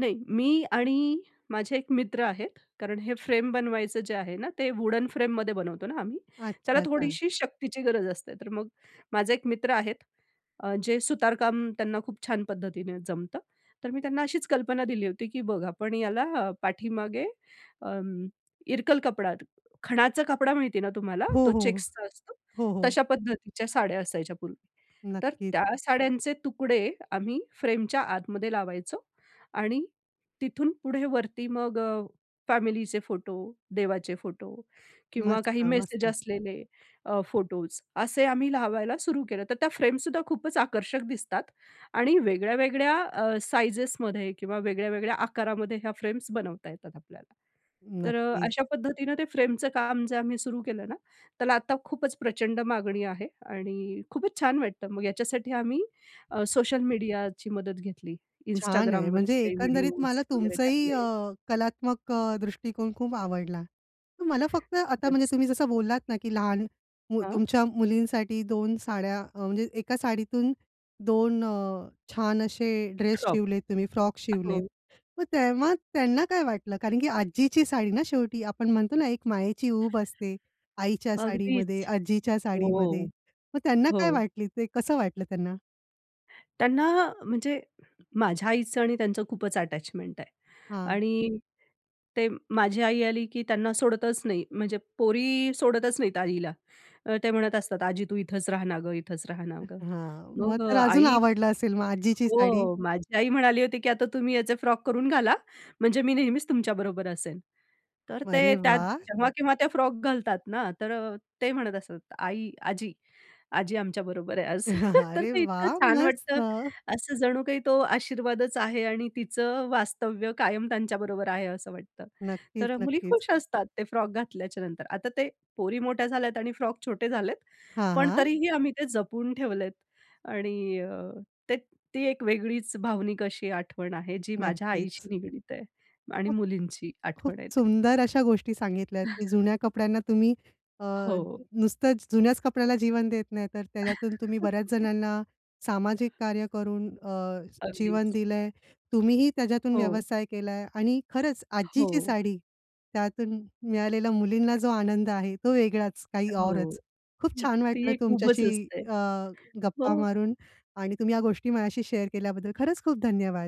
नाही मी आणि माझे एक मित्र आहेत कारण हे फ्रेम बनवायचं जे आहे ना ते वुडन फ्रेममध्ये बनवतो ना आम्ही. त्याला अच्छा ता थोडीशी शक्तीची गरज असते. तर मग माझे एक मित्र आहेत, जे अ, सुतारकाम त्यांना खूप छान पद्धतीने जमतं. तर मी त्यांना अशीच कल्पना दिली होती की बघ, आपण ह्याला पाठीमागे अं, इरकल कपडा, खणाचा कपडा माहिती ना तुम्हाला हो, तो हो. चेक्सचा असतो. हो, हो. तश्या पद्धतीच्या साड्या असायच्या पूर्वी. तर नक्कीच. त्या साड्यांचे तुकडे आम्ही फ्रेमच्या आतमध्ये लावायचो आणि तिथून पुढे वरती मग अ, फॅमिलीचे फोटो, देवाचे फोटो किंवा मस्त, काही मेसेज मस्त. असलेले अ, फोटोस असे आम्ही लावायला सुरू केलं तर त्या फ्रेमसुद्धा खूपच आकर्षक दिसतात आणि वेगळ्या-वेगळ्या अ, साइजेसमध्ये किंवा वेगळ्या-वेगळ्या आकारामध्ये ह्या फ्रेम्स बनवता येतात आपल्याला. तर अ, नक्कीच. अशा पद्धतीनं ते फ्रेमचं काम जे आम्ही सुरु केलं ना, त्याला आता खूपच प्रचंड मागणी आहे आणि खूपच छान वाटतं. मग याच्यासाठी आम्ही अ, सोशल मीडियाची मदत घेतली, छान आहे. Instagramवर म्हणजे काही एकंदरीत व्हिडिओस मला वगैरे तुमचंही अ, टाकले. कलात्मक अ, दृष्टिकोन खूप आवडला. मला फक्त आता म्हणजे खरंच. तुम्ही जसं बोललात ना, की लहान हं. तुमच्या मुलींसाठी 2 साड्या अ, म्हणजे एका साडीतून 2 अ, छान असे ड्रेस शॉक. शिवलेत तुम्ही फ्रॉक शिवलेत. हो. मग तेव्हा त्यांना काय वाटलं कारण की आजीची साडी ना शेवटी. आपण म्हणतो ना एक मायेची उब असते, आईच्या साडीमध्ये, अगदीच. आजीच्या हो. साडीमध्ये. मग त्यांना काय हो. वाटली ते कसं वाटलं त्यांना? त्यांना अ, म्हणजे माझ्या आईचं आणि त्यांचं खूपच अटॅचमेंट आहे. हां. आणि ते माझी आई आली की त्यांना सोडतच नाही, म्हणजे पोरी सोडतच नाहीत आईला. अ, ते म्हणत असतात, "आजी तू इथंच रहा ना गं, इथंच रहा ना गं." हां, मग मग अ, तर अजून आई आवडलं असेल मग आजीची साडी. हो, माझी आई म्हणाली होती की आता तुम्ही याचे फ्रॉक करून घाला म्हणजे मी नेहमीच तुमच्याबरोबर असेल. तर ते अरे त्यात वाह! जेव्हा-केव्हा त्या फ्रॉक घालतात ना, तर अ, ते म्हणत असतात, "आई, आजी आजी आमच्याबरोबर आहे आज." तर अरे ते इतकं वाह! छान वाटतं मस्त. असं जणू काही तो आशीर्वादच आहे आणि तिचं वास्तव्य कायम त्यांच्याबरोबर आहे असं वाटतं. नक्कीच, तर मुली नक्कीच. खुश असतात ते फ्रॉक घातल्याच्या नंतर. आता ते पोरी मोठ्या झाल्यात आणि फ्रॉक छोटे झालेत, हां, पण हां. तरीही आम्ही ते जपून ठेवलेत आणि अ ते ती एक वेगळीच भावनिक अशी आठवण आहे, जी माझ्या नक्कीच. आईशी निगडीत आहे आणि मुलींची खूप आठवण आहे ती. सुंदर अशा गोष्टी सांगितल्यात की जुन्या कपड्यांना तुम्ही अ, हो. नुसतंच जुन्याच कपड्याला जीवन देत नाही, तर त्याच्यातून तुम्ही बऱ्याच जणांना सामाजिक कार्य करून अ, जीवन अगदीच. दिलंय. तुम्हीही त्याच्यातून हो. व्यवसाय केलाय आणि खरंच आजीची हो. साडी, त्यातून मिळालेल्या मुलींना जो आनंद आहे, तो वेगळाच काही हो. औरच. खूप छान ती वाटलं एक उबच तुमच्याशी असते. अ, हो. गप्पा मारून आणि तुम्ही या गोष्टी माझ्याशी शेअर केल्याबद्दल खरंच खूप धन्यवाद.